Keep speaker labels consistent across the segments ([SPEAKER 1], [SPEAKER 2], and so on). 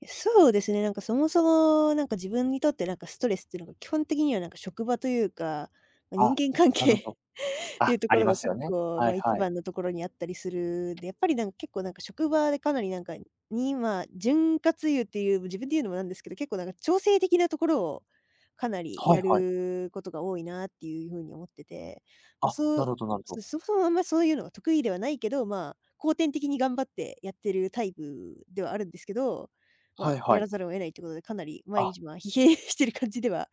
[SPEAKER 1] や、そうですね、なんかそもそも、なんか、自分にとってなんか、ストレスっていうのが基本的にはなんか、職場というか、まあ人
[SPEAKER 2] あ、
[SPEAKER 1] 間関
[SPEAKER 2] な
[SPEAKER 1] 係
[SPEAKER 2] るほ
[SPEAKER 1] っ
[SPEAKER 2] ど。
[SPEAKER 1] てい
[SPEAKER 2] あ
[SPEAKER 1] うと
[SPEAKER 2] あ
[SPEAKER 1] こ
[SPEAKER 2] り
[SPEAKER 1] ろ
[SPEAKER 2] ま
[SPEAKER 1] が
[SPEAKER 2] すよ
[SPEAKER 1] 結
[SPEAKER 2] ね。
[SPEAKER 1] 構
[SPEAKER 2] は
[SPEAKER 1] ま
[SPEAKER 2] い
[SPEAKER 1] あ、いち
[SPEAKER 2] はい。
[SPEAKER 1] ばんのところにあったりするで、やっぱりなんか結構なんか職場でかなりなんか、にまあ、潤滑油っていう、自分で言うのもなんですけど、結構なんか調整的なところを、かなり
[SPEAKER 2] は
[SPEAKER 1] や
[SPEAKER 2] いはい。
[SPEAKER 1] ることが多いなっていう風に思ってて、まあ
[SPEAKER 2] あ、
[SPEAKER 1] そ
[SPEAKER 2] なる
[SPEAKER 1] う
[SPEAKER 2] ほどなるほど。
[SPEAKER 1] そそもそもあんまそういうのが得意ではないけど、まあ、後天的に頑張ってやってるタイプ、ではあるんですけど、ま
[SPEAKER 2] は
[SPEAKER 1] あ、
[SPEAKER 2] いは
[SPEAKER 1] や
[SPEAKER 2] い。
[SPEAKER 1] らざるを得ないということで、かなり毎
[SPEAKER 2] あ。
[SPEAKER 1] 日まあ疲弊してる感じでは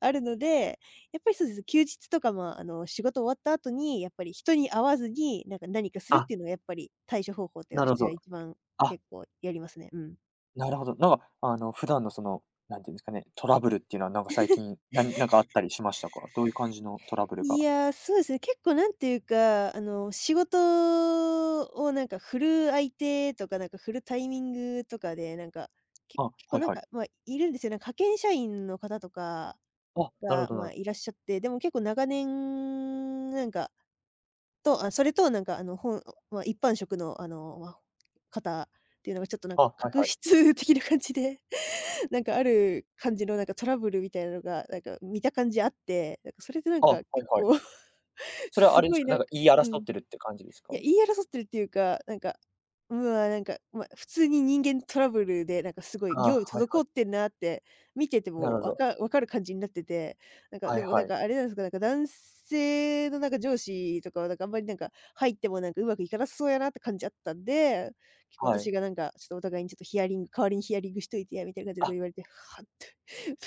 [SPEAKER 1] あるのでやっぱりそうですね。休日とかまあ、あの仕事終わった後に、やっぱり人に会わずになんか何かするっ
[SPEAKER 2] あ。
[SPEAKER 1] ていうのやっぱり、対処方法って
[SPEAKER 2] なる
[SPEAKER 1] し
[SPEAKER 2] ほ
[SPEAKER 1] ては
[SPEAKER 2] ど。
[SPEAKER 1] 1番
[SPEAKER 2] あ。
[SPEAKER 1] 結構やりますね、うん。
[SPEAKER 2] なるほど。なんか、あの、普段のそのなんて言うんですかね、トラブルっていうのは、なんか最近、なんなんかあっ たりしましたか？どういう感じのトラブル
[SPEAKER 1] い
[SPEAKER 2] が
[SPEAKER 1] や、そうですね、結構なんていうか、あの、仕事を、なんか振る相手とかなんか、振るタイミングとかでなんか、け
[SPEAKER 2] あ、
[SPEAKER 1] 結構、
[SPEAKER 2] はい
[SPEAKER 1] なん
[SPEAKER 2] はい。
[SPEAKER 1] か、ま、いるんですよね、なんか、派遣社員の方とか
[SPEAKER 2] あ、なるほ
[SPEAKER 1] が、
[SPEAKER 2] ど
[SPEAKER 1] ま
[SPEAKER 2] な
[SPEAKER 1] あ、
[SPEAKER 2] る
[SPEAKER 1] いらっしゃって。でも結構長年、なんか、と、あそれと、なんかあの本まあ一般職のあのまあ方っていうのがちょっとなん
[SPEAKER 2] あ、
[SPEAKER 1] か
[SPEAKER 2] はい
[SPEAKER 1] 確
[SPEAKER 2] はい。
[SPEAKER 1] 執的な感じでなんか、ある感じのなんかトラブルみたいなのが、なんか見た感じあって、なんかそれでなん
[SPEAKER 2] あ、
[SPEAKER 1] か
[SPEAKER 2] はい
[SPEAKER 1] 結
[SPEAKER 2] はい。
[SPEAKER 1] 構
[SPEAKER 2] それは
[SPEAKER 1] す
[SPEAKER 2] あれで
[SPEAKER 1] ご
[SPEAKER 2] す
[SPEAKER 1] い
[SPEAKER 2] か、
[SPEAKER 1] な
[SPEAKER 2] なん
[SPEAKER 1] ん
[SPEAKER 2] か
[SPEAKER 1] か
[SPEAKER 2] 言い
[SPEAKER 1] うん。
[SPEAKER 2] 争っ
[SPEAKER 1] い
[SPEAKER 2] てるって感じですか？
[SPEAKER 1] や、言い争っているっていうか、なんか、うわ、なんか、ま、普通に人間トラブルでなんか凄い
[SPEAKER 2] ああ、
[SPEAKER 1] 業
[SPEAKER 2] は
[SPEAKER 1] 務
[SPEAKER 2] いはい。
[SPEAKER 1] 滞ってんなって、見てて
[SPEAKER 2] なる
[SPEAKER 1] も
[SPEAKER 2] ほ
[SPEAKER 1] わ
[SPEAKER 2] ど。
[SPEAKER 1] か分かる感じになってて。なんか
[SPEAKER 2] は
[SPEAKER 1] で
[SPEAKER 2] い
[SPEAKER 1] もな
[SPEAKER 2] は
[SPEAKER 1] ん
[SPEAKER 2] い。
[SPEAKER 1] かあれなんすか、なんか男性のなんか上司とかはなんかあんまりなんか入ってもなんか上手くいかなさそうやなって感じあったんで、結構
[SPEAKER 2] はい。
[SPEAKER 1] 私がなんか、ちょっとお互いにちょっとヒアリング、「代わりにヒアリングしといてや」、みたいな感じでこう
[SPEAKER 2] あ。
[SPEAKER 1] 言われて、「はっ？」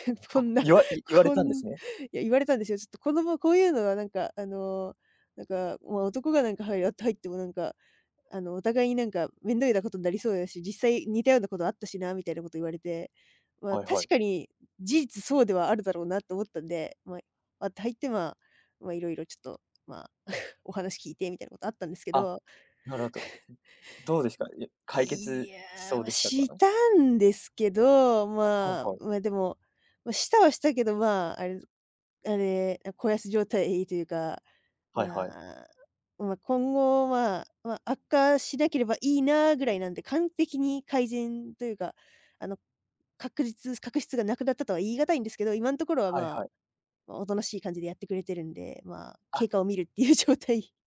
[SPEAKER 1] て。って、こ
[SPEAKER 2] あ、
[SPEAKER 1] んな
[SPEAKER 2] いわい言われ
[SPEAKER 1] こ
[SPEAKER 2] たんで
[SPEAKER 1] ん
[SPEAKER 2] すね。
[SPEAKER 1] や、言われたんですよ。ちょっと子供はこういうのはなんか、あの、なんかもう男がなんかはいやって入ってもなんか、あのお互いになんか、面倒なことになりそうだし、実際似たようなことあったしなみたいなこと言われて。まあ、
[SPEAKER 2] はいは
[SPEAKER 1] 確
[SPEAKER 2] い。
[SPEAKER 1] かに、事実そうではあるだろうなと思ったんで、まあ、割って入ってまあまあ色々ちょっとまあ、お話聞いてみたいなことあったんですけ
[SPEAKER 2] あ、
[SPEAKER 1] ど。
[SPEAKER 2] なるほど、どどうですか、や 解
[SPEAKER 1] いい
[SPEAKER 2] 決、し
[SPEAKER 1] や、
[SPEAKER 2] そう
[SPEAKER 1] ま、
[SPEAKER 2] でしたか？
[SPEAKER 1] したんですけど、
[SPEAKER 2] はい
[SPEAKER 1] ま
[SPEAKER 2] はい。
[SPEAKER 1] あ、までも、ま、したはしたけどまあ、あれあれあ小康状態というか、
[SPEAKER 2] はい
[SPEAKER 1] ま
[SPEAKER 2] はい。
[SPEAKER 1] あ、ま今後は、まあ、ま、悪化しなければいいな、ぐらいなんで、完璧に改善というか、あの、確実確執が無くなったとは言い難いんですけど、今んところは
[SPEAKER 2] はいは
[SPEAKER 1] ま
[SPEAKER 2] い。
[SPEAKER 1] あ、あ大人しい感じでやってくれてるんで、まあ、経
[SPEAKER 2] あ。
[SPEAKER 1] 過を見るっていう状態。